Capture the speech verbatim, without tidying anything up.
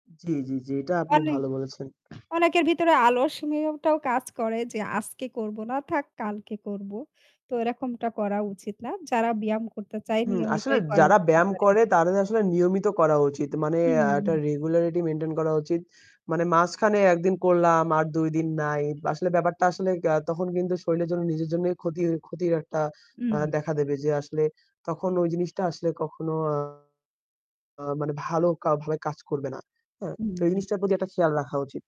জি, জি, জি। এটা আপনি অনেক ভালো বলেছেন। অনেকের ভিতরে আলস্যমিওটা কাজ করে যে আজকে করব না থাক কালকে করব। তো এরকমটা করা উচিত না। যারা ব্যায়াম করতে চায় হুম। আসলে নিয়মিতই করা যারা যেতে ব্যায়াম পারে। করে তাদের আসলে নিয়মিত করা উচিত। মানে একটা হুম। regularity মেইনটেইন করা উচিত। মানে মাঝখানে এক দিন করলাম আর দুই দিন নাই। আসলে ব্যাপারটা আসলে আ তখন কিন্তু শরীরের জন্য নিজের জন্যই ক্ষতি ক্ষতির একটা হু, আ হু। দেখা দেবে। যে আসলে তখন ওই জিনিসটা আসলে কখনো আ আ মানে ভালো কা কাজ করবে না, হ্যাঁ? তো এই হুম। জিনিসটার প্রতি একটা খেয়াল রাখা উচিত।